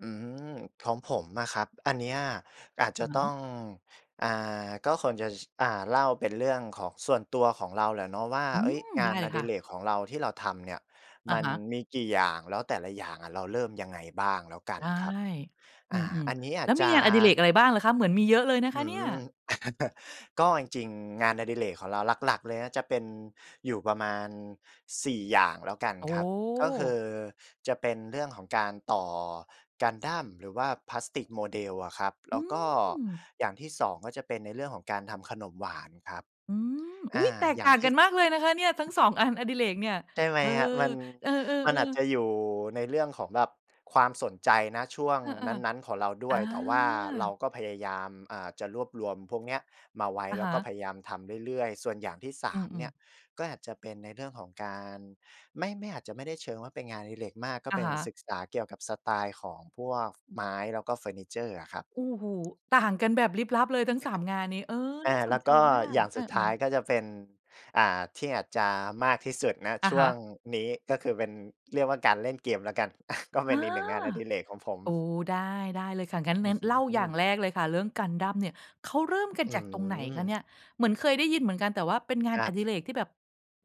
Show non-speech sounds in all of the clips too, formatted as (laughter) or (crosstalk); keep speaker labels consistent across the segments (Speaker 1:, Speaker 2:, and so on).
Speaker 1: อืม ของผมอะครับ อันเนี้ยอาจจ
Speaker 2: อ
Speaker 1: ะ
Speaker 2: ะฮ
Speaker 1: ต้
Speaker 2: ะ
Speaker 1: อง อ่า ก็ส่วนใหญ่ อ่า เล่าเป็นเรื่องของส่วนตัวของเราแหละเนาะว่า
Speaker 2: อื
Speaker 1: เอ๊ย
Speaker 2: ม
Speaker 1: ง
Speaker 2: ไ
Speaker 1: า
Speaker 2: ด
Speaker 1: น
Speaker 2: ้เล
Speaker 1: อ
Speaker 2: ย
Speaker 1: ด
Speaker 2: ค
Speaker 1: ิ
Speaker 2: ่ะ
Speaker 1: เรกของเราที่เราทำเนี่ย
Speaker 2: อ
Speaker 1: ม
Speaker 2: ะ
Speaker 1: ัน
Speaker 2: ฮะ
Speaker 1: มีกี่อย่าง แล้วแต่ละอย่างอะเราเริ่มยังไงบ้างแล้วกัน
Speaker 2: ได้
Speaker 1: ครับ
Speaker 2: อ
Speaker 1: อ
Speaker 2: ื
Speaker 1: ่า
Speaker 2: ม
Speaker 1: อันนี้อ
Speaker 2: ๆ
Speaker 1: า
Speaker 2: แล
Speaker 1: จ
Speaker 2: ้ว
Speaker 1: จ
Speaker 2: ม
Speaker 1: ะ
Speaker 2: ีงานอดิเรกอะไรบ้างเหรอคะ? เหมือนมีเยอะเลยนะ
Speaker 1: อ
Speaker 2: คะ
Speaker 1: ื
Speaker 2: เนี่ย
Speaker 1: ม (chuckles) ก็จริง ๆ งานอดิเรกของเราหลัก ๆ เลยนะ จะเป็นอยู่ประมาณ 4 อย่างแล้วกัน
Speaker 2: โอ้
Speaker 1: ครับ ก็คื
Speaker 2: โฮ
Speaker 1: อจะเป็นเรื่องของการต่อ Gundam หรือว่าพลาสติกโมเดลอะครับ แ
Speaker 2: อ
Speaker 1: ล
Speaker 2: ื
Speaker 1: ้วก็
Speaker 2: ม
Speaker 1: อย่างที่ 2 ก็จะเป็นในเรื่องของการทำขนมหวานครับ
Speaker 2: อืม
Speaker 1: อ
Speaker 2: อุ๊
Speaker 1: า
Speaker 2: ย แตก
Speaker 1: อย่
Speaker 2: ต
Speaker 1: า
Speaker 2: ่
Speaker 1: ง
Speaker 2: าง
Speaker 1: ที
Speaker 2: กั
Speaker 1: ่
Speaker 2: น
Speaker 1: ส
Speaker 2: มากเลยนะคะเนี่ย ทั้ง 2 อันอดิเรกเนี่ย
Speaker 1: ใช่ไหม
Speaker 2: เออ
Speaker 1: ครับ มัน
Speaker 2: เออ
Speaker 1: มันอาจ
Speaker 2: ๆ ๆ
Speaker 1: จะอยู่ในเรื่องของแบบความสนใจ ณ ช่วง
Speaker 2: เออ
Speaker 1: นั้น ๆ ของเราด
Speaker 2: ๆ อ
Speaker 1: ้วย แต่ว่าเรา
Speaker 2: า
Speaker 1: ก็พยายาม อ่า จะรวบรวมพวกเนี้ยมาไว้
Speaker 2: อะ
Speaker 1: แล้
Speaker 2: ฮ
Speaker 1: วก็
Speaker 2: ะ
Speaker 1: พยายามทำเรื่อย ๆ ส่วนอย่างที่ สา
Speaker 2: อื
Speaker 1: ม เน
Speaker 2: อ
Speaker 1: ี่
Speaker 2: ๆ
Speaker 1: ย ก็อาจจะเป็นในเรื่องของ การ ไม่ ไม่อาจจะไม่ได้เชิงว่าเป็นงานอดิเรกมาก ก็
Speaker 2: อ
Speaker 1: เ
Speaker 2: ะ
Speaker 1: ป็
Speaker 2: ฮ
Speaker 1: น
Speaker 2: ะ
Speaker 1: ศึกษาเกี่ยวกับสไตล์ของพวกไม้ แล้วก็เฟอร์นิเชอร์อะครับ
Speaker 2: โอ้โฮ ต่างกันแบบลิบลับเลยทั้ง 3 งานนี้ เออ
Speaker 1: อ
Speaker 2: น
Speaker 1: ่
Speaker 2: ่
Speaker 1: า
Speaker 2: าส
Speaker 1: แล
Speaker 2: น
Speaker 1: ้ว
Speaker 2: ใจ
Speaker 1: ก็
Speaker 2: มา
Speaker 1: อ
Speaker 2: ก
Speaker 1: ย่าง
Speaker 2: เอ
Speaker 1: ส
Speaker 2: อ
Speaker 1: ุดท้าย
Speaker 2: ๆ
Speaker 1: ก็จะเป็น อ่า ที่อาจจะมากที่สุด ณ
Speaker 2: อ
Speaker 1: ช
Speaker 2: ะ
Speaker 1: ่
Speaker 2: ฮ
Speaker 1: วง
Speaker 2: ะ
Speaker 1: นี้ ก็คือเป็น เรียกว่า การเล่นเกมแล้วกัน (chuckles) ก็เป
Speaker 2: อ
Speaker 1: ็
Speaker 2: า
Speaker 1: นอีกหนึ่งงานอดิเรกของผม
Speaker 2: โอ้ ได้ ได้เลยค่ะ งั้
Speaker 1: อื้อ
Speaker 2: น
Speaker 1: ฮ
Speaker 2: ๆ เล่าอย
Speaker 1: ื
Speaker 2: ่า
Speaker 1: อ
Speaker 2: งแรกเลยค่ะ เรื่อง Gundam เนี่ย เขาเริ่มกัน
Speaker 1: อื
Speaker 2: จากตรงไหนคะเนี
Speaker 1: ม
Speaker 2: ่ย เหมือนเคยได้ยินเหมือนกัน แต่ว่าเป็นงา
Speaker 1: ค
Speaker 2: น
Speaker 1: รั
Speaker 2: อ
Speaker 1: บ
Speaker 2: ดิเรกที่แบบ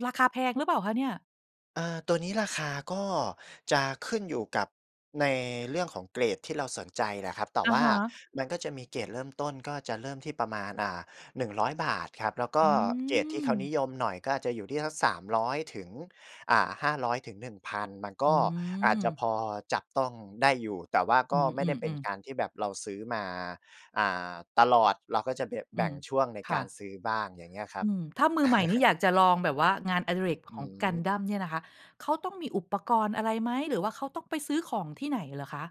Speaker 2: ราคาแพงหรือเปล่าคะเนี่ย?
Speaker 1: เอ่อ ตัวนี้ราคา ก็จะขึ้นอยู่กับในเรื่องของเกรดที่เราสนใจน่ะครับ แต่
Speaker 2: อะ
Speaker 1: ว่า
Speaker 2: ฮะ
Speaker 1: มันก็จะมีเกรดเริ่มต้น ก็จะเริ่มที่ประมาณ อ่า 100 บาทครับ แล้วก
Speaker 2: อ
Speaker 1: ็
Speaker 2: ื
Speaker 1: เกรดที่เขานิ
Speaker 2: ม
Speaker 1: ยมหน่อย ก็จะอาจจะอยู่ที่สัก 300 ถึง อ่า 500 ถึง 1,000 มันก
Speaker 2: อื
Speaker 1: ็อาจจะพ
Speaker 2: ม
Speaker 1: อจับต้องได้อยู่ แต่ว่า
Speaker 2: อ
Speaker 1: ก
Speaker 2: ื
Speaker 1: ็ไม่ได
Speaker 2: ม
Speaker 1: ้เป็น
Speaker 2: ๆ ๆ
Speaker 1: การที่แบบเราซื้อมา อ่า ตลอด เราก็จะแบบ
Speaker 2: อ
Speaker 1: แ
Speaker 2: ื
Speaker 1: บ่ง
Speaker 2: ม
Speaker 1: ช่วงใน
Speaker 2: ค
Speaker 1: ก
Speaker 2: ่
Speaker 1: าร
Speaker 2: ะ
Speaker 1: ซื้อบ้างอย่างเงี้ยครั
Speaker 2: อ
Speaker 1: บ
Speaker 2: ืม ถ้ามือใหม่นี่
Speaker 1: (chuckles)
Speaker 2: อยากจะลองแบบว่างานอดิเรก
Speaker 1: อ
Speaker 2: ของ
Speaker 1: ืม
Speaker 2: Gundam เนี่ยนะคะ เขาต้องมีอุปกรณ์อะไรไหม หรือว่าเขาต้องไปซื้อของที่ไหนเหรอคะ?